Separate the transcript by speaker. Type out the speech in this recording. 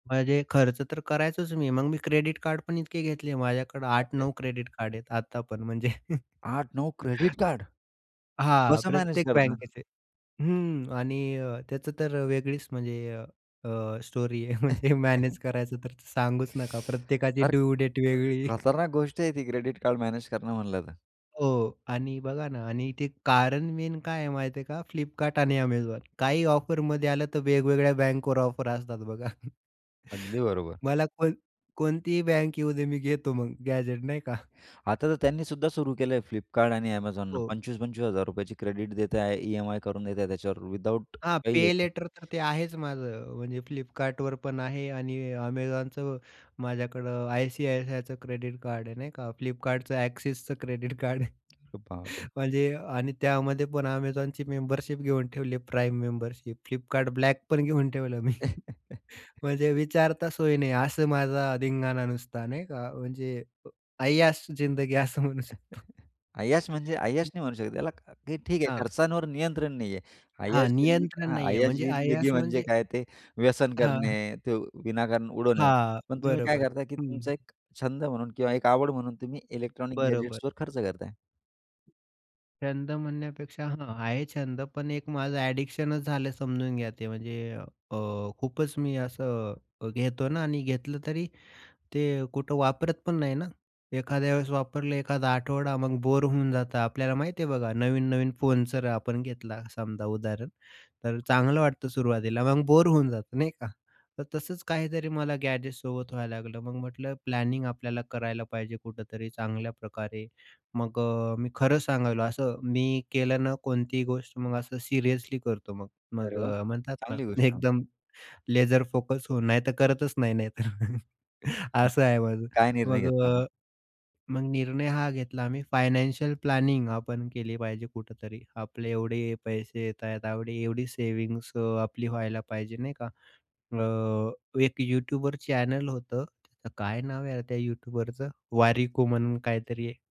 Speaker 1: म्हणजे खर्च तर करायचोच मी. मग मी क्रेडिट कार्ड पण इतके घेतले. माझ्याकडे
Speaker 2: बाप
Speaker 1: आठ
Speaker 2: रे!
Speaker 1: नऊ क्रेडिट कार्ड आहेत. आता पण म्हणजे
Speaker 2: 8-9 क्रेडिट कार्ड.
Speaker 1: हां,
Speaker 2: कसं मॅनेज
Speaker 1: प्रत्येक
Speaker 2: करता?
Speaker 1: बँकेचे. हं. आणि त्याचं तर वेगळीच म्हणजे अ, स्टोरी आहे. म्हणजे मॅनेज करायचं तर सांगूच नका. प्रत्येकाची
Speaker 2: अरे!
Speaker 1: ड्यू डेट वेगळी.
Speaker 2: खतरनाक गोष्ट आहे ती, क्रेडिट कार्ड मॅनेज करणं म्हणलं तर.
Speaker 1: हो. आणि बघा ना, आणि इथे कारण मेन काय आहे, माहिती आहे का? फ्लिपकार्ट आणि Amazon. काही ऑफरमध्ये आलं, तर वेगवेगळ्या बँकवर ऑफर असतात बघा.
Speaker 2: अगदी बरोबर.
Speaker 1: मला कोण कोणतीही बँक येऊ दे, मी घेतो मग गॅझेट, नाही का?
Speaker 2: आता तर त्यांनी सुद्धा सुरू केलंय फ्लिपकार्ट आणि Amazon ने.
Speaker 1: हो.
Speaker 2: ₹25,000-₹25,000 ची क्रेडिट देताय. ई-एम-आय करून देताय त्याच्यावर, विदआऊट
Speaker 1: हां
Speaker 2: काही घेता
Speaker 1: पे-लेटर तर ते आहेच माझं. म्हणजे फ्लिपकार्टवर पण आहे आणि Amazonचं माझ्याकडं आय-सी-आय-सी-आयचं क्रेडिट कार्ड आहे नाही का. फ्लिपकार्टचं, एक्सिसचं क्रेडिट कार्ड आहे.
Speaker 2: अरे बाप रे!
Speaker 1: म्हणजे आणि त्यामध्ये पण Amazonची मेंबरशिप घेऊन ठेवली प्राईम मेंबरशिप. फ्लिपकार्ट ब्लॅक पण घेऊन ठेवलं मी. म्हणजे विचारता सोय नाही असं माझा धिंगाना नुसता नाही का? म्हणजे अ, ऐयाश जिंदगी असं म्हणू शकतो.
Speaker 2: ऐयाश म्हणजे ऐयाश नाही म्हणू शकत. त्याला, की ठीक आहे,
Speaker 1: हां.
Speaker 2: खर्चांवर नियंत्रण नाही आहे.
Speaker 1: हां,
Speaker 2: अयाश जिंदगी
Speaker 1: नियंत्रण
Speaker 2: हं,
Speaker 1: नाहीये,
Speaker 2: ऐयाश
Speaker 1: म्हणजे
Speaker 2: जिंदगी
Speaker 1: ऐयाश
Speaker 2: म्हणजे
Speaker 1: म्हणजे
Speaker 2: काय? ते व्यसन
Speaker 1: हां.
Speaker 2: करणे, ते विनाकारण उडवणे.
Speaker 1: हां,
Speaker 2: पण तुम्ही काय
Speaker 1: बरोबर,
Speaker 2: करताय, की तुमचा
Speaker 1: हं.
Speaker 2: एक छंद म्हणून किंवा एक आवड म्हणून तुम्ही इलेक्ट्रॉनिक
Speaker 1: बरोबर.
Speaker 2: गॅजेट्सवर खर्च करताय.
Speaker 1: छंद म्हणण्यापेक्षा हां. आहे छंद. पण एक माझं ॲडिक्शनच झालं, समजून घ्या ते. म्हणजे अ, खूपच मी असं घेतो ना आणि घेतलं तरी ते कुठं वापरत पण नाही ना. एखाद्या वेळेस वापरलं, एखादा आठवडा, मग बोर होऊन जातं आपल्याला, माहिती आहे बघा. नवीन-नवीन फोन जर आपण घेतला, समजा उदाहरण. तर चांगलं वाटतं सुरुवातीला. मग बोर होऊन जातं, नाही का? तर तसंच काहीतरी मला गॅजेटसोबत व्हायला लागलं. मग म्हटलं, प्लॅनिंग आपल्याला करायला पाहिजे कुठेतरी चांगल्या प्रकारे. मग अ, मी खरं सांगायलो असं मी केलं ना, कोणतीही गोष्ट मग असं सिरियसली करतो मग.
Speaker 2: अरे
Speaker 1: मग
Speaker 2: वाह!
Speaker 1: अ, म्हणतात ना,
Speaker 2: चांगली गोष्ट आहे.
Speaker 1: एकदम लेजर फोकस होऊन, नाहीतर करतच नाही, नाहीतर
Speaker 2: मग
Speaker 1: असं आहे माझं.
Speaker 2: काय निर्णय
Speaker 1: मग
Speaker 2: घेतला मग?
Speaker 1: अ, मग निर्णय हा घेतला, आम्ही फायनान्शियल प्लॅनिंग आपण केली पाहिजे कुठेतरी. आपले एवढे पैसे येत आहेत. एवढी एवढी सेव्हिंग्स अ, आपली व्हायला पाहिजे, नाही का? अ, एक YouTubeवर चॅनल होतं. त्याचं काय नाव आहे त्या यूट्यूबरचं? वारिको म्हणून काहीतरी आहे.